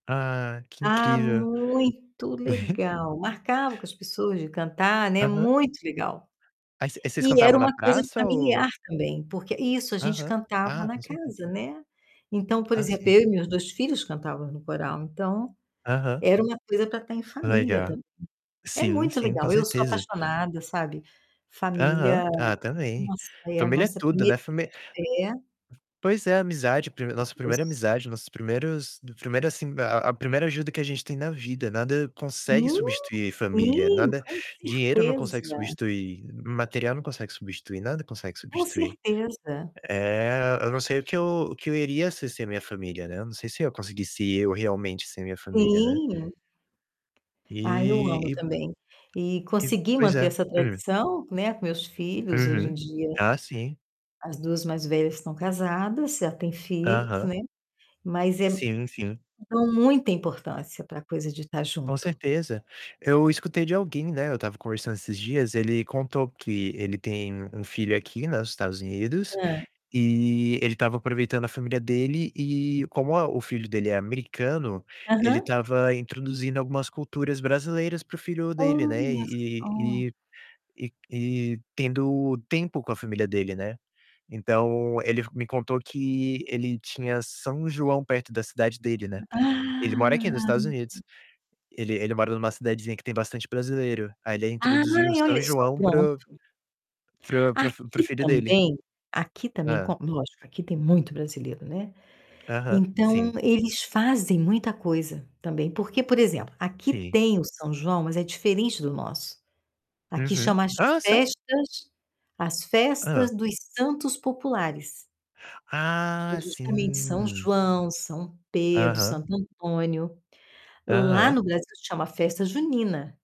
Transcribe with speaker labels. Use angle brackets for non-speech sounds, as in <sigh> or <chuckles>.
Speaker 1: Ah, que
Speaker 2: Ah,
Speaker 1: incrível.
Speaker 2: muito
Speaker 1: <chuckles>
Speaker 2: legal! Marcava com as pessoas de cantar, né,
Speaker 1: Aham.
Speaker 2: muito legal.
Speaker 1: Aí você vocês
Speaker 2: E
Speaker 1: cantavam
Speaker 2: era
Speaker 1: na
Speaker 2: uma coisa de
Speaker 1: praça ou
Speaker 2: familiar também, porque Isso a gente
Speaker 1: Aham.
Speaker 2: cantava
Speaker 1: Ah,
Speaker 2: na
Speaker 1: com certeza.
Speaker 2: casa, né. Então, por
Speaker 1: Ah,
Speaker 2: exemplo,
Speaker 1: sim.
Speaker 2: eu e meus 2 filhos cantávamos no coral, então
Speaker 1: Aham.
Speaker 2: era uma coisa pra tá em família
Speaker 1: Legal.
Speaker 2: tam É
Speaker 1: Sim,
Speaker 2: muito
Speaker 1: sim, com
Speaker 2: legal, eu sou
Speaker 1: certeza.
Speaker 2: apaixonada, sabe,
Speaker 1: Aham.
Speaker 2: família,
Speaker 1: Ah, também,
Speaker 2: nossa, é a
Speaker 1: família é
Speaker 2: nossa
Speaker 1: tudo, né,
Speaker 2: 1ª
Speaker 1: famí
Speaker 2: igreja. É.
Speaker 1: Pois é, amizade, prime
Speaker 2: Coisa
Speaker 1: nossa
Speaker 2: de
Speaker 1: primeira
Speaker 2: Deus.
Speaker 1: amizade, nossos primeiros primeiro, assim, a a primeira ajuda que a gente tem na vida, nada consegue
Speaker 2: Sim,
Speaker 1: substituir família,
Speaker 2: sim,
Speaker 1: nada
Speaker 2: com
Speaker 1: dinheiro não consegue
Speaker 2: certeza.
Speaker 1: substituir, material não consegue substituir, nada consegue
Speaker 2: Com
Speaker 1: substituir.
Speaker 2: certeza.
Speaker 1: Eh, eu não sei o que eu o que eu iria sem ser minha família, né. Eu não sei se eu conseguisse eu realmente sem a minha família, né?
Speaker 2: Sim. Ah, eu amo
Speaker 1: E e
Speaker 2: também. E
Speaker 1: e
Speaker 2: consegui
Speaker 1: pois
Speaker 2: manter
Speaker 1: é.
Speaker 2: essa
Speaker 1: Hum.
Speaker 2: tradição, né, com meus filhos. Hoje em
Speaker 1: Uhum.
Speaker 2: dia,
Speaker 1: Ah, sim.
Speaker 2: as 2 mais velhas estão casadas, já têm filhos,
Speaker 1: Aham.
Speaker 2: né, mas é
Speaker 1: Sim, sim.
Speaker 2: dou muita importância pra coisa de tá
Speaker 1: Com
Speaker 2: junto.
Speaker 1: certeza. Eu escutei de alguém, né, eu estava conversando esses dias, ele contou que ele tem um filho aqui, né, nos Estados Unidos
Speaker 2: Hã.
Speaker 1: e ele estava aproveitando a família dele e como a o filho dele é americano, ele
Speaker 2: Aham.
Speaker 1: estava introduzindo algumas culturas brasileiras para o filho dele, né,
Speaker 2: Olha
Speaker 1: e
Speaker 2: só.
Speaker 1: e e e tendo tempo com a família dele, né. Então ele f me contou que ele tinha São João perto da cidade dele, né. Ele mora aqui nos
Speaker 2: Ah!
Speaker 1: Estados Unidos. Ele ele mora numa cidadezinha que tem bastante brasileiro. Aí ele introduziu o
Speaker 2: Ai, olhe
Speaker 1: São
Speaker 2: só,
Speaker 1: João para o
Speaker 2: pronto.
Speaker 1: para o para o f para o
Speaker 2: Aqui
Speaker 1: filho dele.
Speaker 2: também, aqui também
Speaker 1: Hã.
Speaker 2: co lógico, aqui tem muito brasileiro, né,
Speaker 1: Aham,
Speaker 2: então
Speaker 1: sim.
Speaker 2: eles fazem muita coisa também, porque, por exemplo, aqui
Speaker 1: Sim.
Speaker 2: tem o São João, mas é diferente do nosso. Aqui
Speaker 1: Uhum.
Speaker 2: chama as
Speaker 1: Ah, sério?
Speaker 2: festas as
Speaker 1: Hã.
Speaker 2: festas dos santos populares. Que
Speaker 1: Ah,
Speaker 2: é justamente São
Speaker 1: sim.
Speaker 2: João, São Pedro,
Speaker 1: Aham.
Speaker 2: Santo Antônio. Lá
Speaker 1: Aham.
Speaker 2: no Brasil chama Festa Junina.